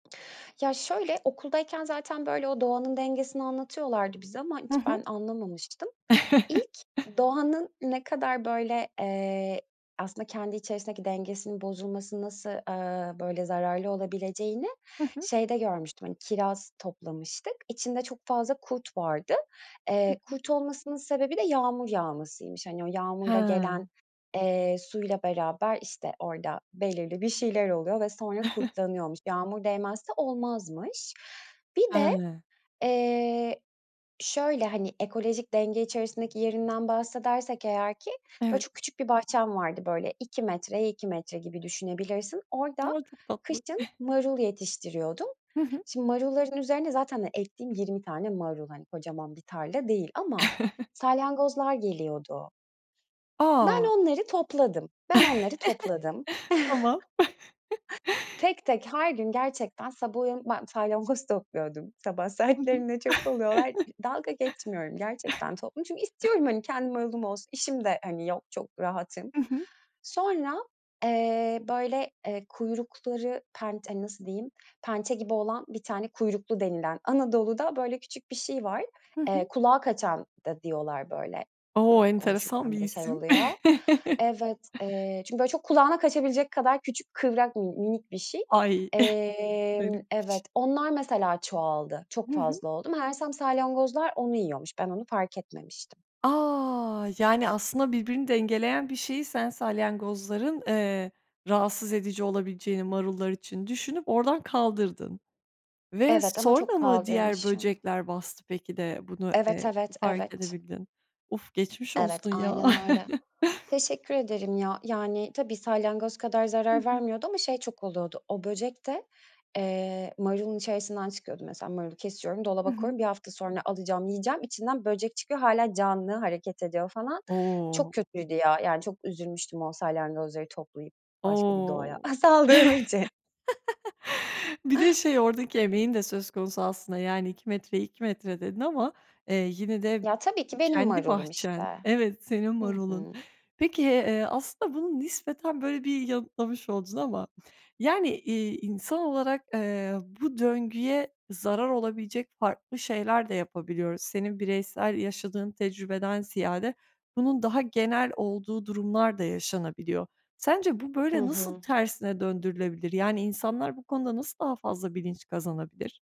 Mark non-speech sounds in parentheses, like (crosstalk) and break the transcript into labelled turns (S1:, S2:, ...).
S1: Ya şöyle, okuldayken zaten, böyle, o doğanın dengesini anlatıyorlardı bize ama
S2: Hı
S1: hiç
S2: hı.
S1: ben anlamamıştım. İlk
S2: (chuckles)
S1: doğanın ne kadar, böyle, eee, aslında kendi içerisindeki dengesinin bozulması nasıl, ııı, böyle zararlı olabileceğini
S2: Hı hı.
S1: şeyde görmüştüm, hani, kiraz toplamıştık. İçinde çok fazla kurt vardı.
S2: Hı
S1: Eee,
S2: hı.
S1: kurt olmasının sebebi de yağmur yağmasıymış. Hani, o
S2: He.
S1: yağmurla gelen, eee, suyla beraber, işte, orada belirli bir şeyler oluyor ve sonra
S2: (chuckles)
S1: kurtlanıyormuş. Yağmur değmezse olmazmış. Bir de,
S2: He.
S1: eee, şöyle, hani, ekolojik denge içerisindeki yerinden bahsedersek eğer ki, böyle,
S2: Evet.
S1: çok küçük bir bahçem vardı. Böyle, 2 metreye 2 metre gibi düşünebilirsin. Orada
S2: A! Çok tatlı.
S1: kışın
S2: (chuckles)
S1: marul yetiştiriyordum.
S2: Hı hı.
S1: Şimdi marulların üzerine zaten, hani, ektiğim 20 tane marul, hani, kocaman bir tarla değil ama
S2: (chuckles)
S1: salyangozlar geliyordu.
S2: A!
S1: Ben onları topladım. Ben onları topladım.
S2: (chuckles) Tamam.
S1: (chuckles)
S2: (chuckles)
S1: Tek tek, her gün, gerçekten, sabah uyanıp ben salyangoz topluyordum, sabah
S2: Hı hı.
S1: saatlerinde çok oluyorlar, d dalga geçmiyorum gerçekten topladım çünkü
S2: (chuckles)
S1: istiyorum, hani, kendi marulum olsun, işim de, hani, yok, çok rahatım.
S2: Hı hı.
S1: Sonra, eee, böyle, eee, kuyrukları penç hani, nasıl diyeyim pençe gibi olan bir tane kuyruklu denilen Anadolu'da, böyle, küçük bir şey var.
S2: Hı
S1: Eee,
S2: hı.
S1: "kulağa kaçan" da diyorlar böyle,
S2: O!
S1: eee,
S2: Enteresan bir
S1: konuşurken bile şey
S2: isim.
S1: oluyor.
S2: (chuckles)
S1: Evet, eee, çünkü böyle çok kulağına kaçabilecek kadar küçük, kıvrak min minik bir şey.
S2: Ay, (chuckles)
S1: Emm
S2: garipmiş.
S1: Evet, onlar, mesela, çoğaldı. Çok
S2: Hı hı.
S1: fazla oldu meğersem salyangozlar onu yiyormuş. Ben onu fark etmemiştim.
S2: A! Yani, aslında birbirini dengeleyen bir şeyi sen salyangozların, eee, rahatsız edici olabileceğini, marullar için düşünüp, oradan kaldırdın ve
S1: Evet, ama
S2: sonra
S1: çok
S2: mı diğer
S1: kaldırmışım.
S2: böcekler bastı peki de bunu,
S1: Evet,
S2: eee,
S1: evet,
S2: fark
S1: evet.
S2: edebildin? Uf, geçmiş
S1: Evet,
S2: olsun ya.
S1: aynen öyle.
S2: (chuckles)
S1: Teşekkür ederim ya, yani, tabii salyangoz kadar
S2: Hı
S1: zarar
S2: hı.
S1: vermiyordu ama şey çok oluyordu, o böcek de, eee, marulun içerisinden çıkıyordu mesela marulu kesiyorum,
S2: Hı
S1: dolaba
S2: hı.
S1: koyuyorum, 1 hafta sonra alacağım, yiyeceğim, içinden böcek çıkıyor, hâlâ canlı hareket ediyor falan. Çok
S2: O!
S1: kötüydü ya, yani çok üzülmüştüm o salyangozları toplayıp başka bir doğaya,
S2: O!
S1: aaa, saldığım
S2: (laughs)
S1: için.
S2: Bir de,
S1: (chuckles)
S2: şey, oradaki emeğin de söz konusu aslında. "Yani 2 metreye 2 metre" dedin ama, eee, yine de
S1: Ya, tabii ki, benim
S2: kendi
S1: marulum
S2: bahçen
S1: işte.
S2: Evet, senin
S1: Hı
S2: marulun.
S1: hı.
S2: Peki, eee, aslında bunu nispeten böyle bir yanıtlamış oldun ama yani, iii, insan olarak, eee, bu döngüye zarar olabilecek şeyler de yapabiliyoruz. Senin bireysel yaşadığın tecrübeden ziyade bunun daha genel olduğu durumlar da yaşanabiliyor. Sence bu,
S1: Hı
S2: böyle, nasıl
S1: hı.
S2: tersine döndürülebilir? Yani, insanlar bu konuda nasıl daha fazla bilinç kazanabilir?